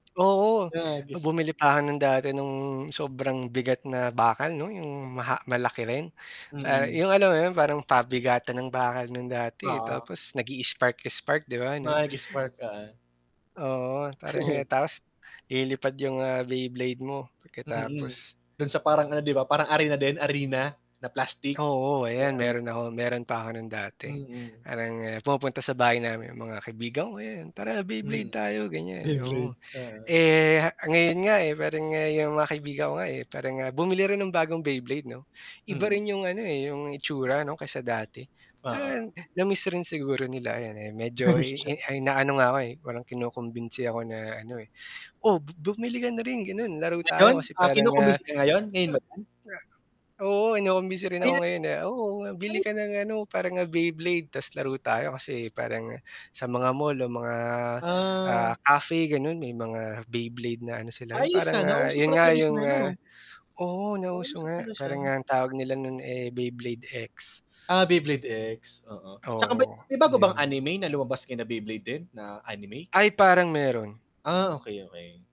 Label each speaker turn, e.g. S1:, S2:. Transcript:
S1: Oo,
S2: Nag-spark.
S1: bumili pa ako ng dati no'ng sobrang bigat na bakal 'no, 'yung maha malaki rin, para
S2: Mm.
S1: 'yung alam mo 'yun, parang pabigatan ng bakal no'n dati, eh,
S2: Oo.
S1: tapos nag i-spark-spark, di ba, no?
S2: Mag-spark, oo.
S1: Oo, parang eh, tapos lilipad 'yung, ah, Beyblade mo
S2: Mm,
S1: pagkatapos.
S2: do'n sa parang ano di ba, parang arena din, arena na plastic.
S1: Oo, ayan,
S2: [unintelligible]
S1: meron ako meron pa ako no'n dati.
S2: Mm.
S1: Parang, ah, pumupunta sa bahay namin 'yung mga kaibigan ko, ayan, "tara Beyblade
S2: Mm.
S1: tayo," ganyan, oo.
S2: Beyblade, oo.
S1: Eh, ah, ngayon nga, eh, parang nga 'yung mga kaibigan ko nga, eh, parang nga bumili rin ng bagong Beyblade 'no. Iba
S2: Mm.
S1: rin 'yung ano, eh, 'yung itsura 'no kaysa dati. Ah,
S2: Oo.
S1: na-miss rin siguro nila ayan, eh, medyo i
S2: [unintelligible]
S1: inaano nga ako, eh, parang kinukumbinsi ako na ano, eh, "Oh, bu bumili ka na rin gano'n laro
S2: Ngayon?
S1: tayo," kasi
S2: Ah,
S1: parang nga
S2: kinukumus ngayon, ngayon
S1: ha
S2: ba 'yan?
S1: nga. Oo, kinukumbinsi rin ako
S2: Maya't
S1: ngayon, ah, "Oh, bili
S2: Ano
S1: ka ng ano, parang nga Beyblade tas laro tayo." Kasi parang sa mga mall o mga, ah,
S2: Ah.
S1: cafe gano'n may mga Beyblade na ano sila, 'yung
S2: Ayos,
S1: parang
S2: ah,
S1: nga
S2: nauso
S1: 'yun
S2: pala
S1: nga,
S2: talaga
S1: 'yung, ah
S2: [unintelligible]
S1: oo, nauso
S2: Nauso
S1: nga,
S2: pala siya.
S1: parang nga ang tawag nila no'n, eh, Beyblade X.
S2: Ah, Beyblade X, oo. Tsaka ba't
S1: Oo,
S2: may bago bang
S1: ayun.
S2: anime na lumabas kina Beyblade din, na anime?
S1: Ay, parang meron.
S2: Ah, okey, okey.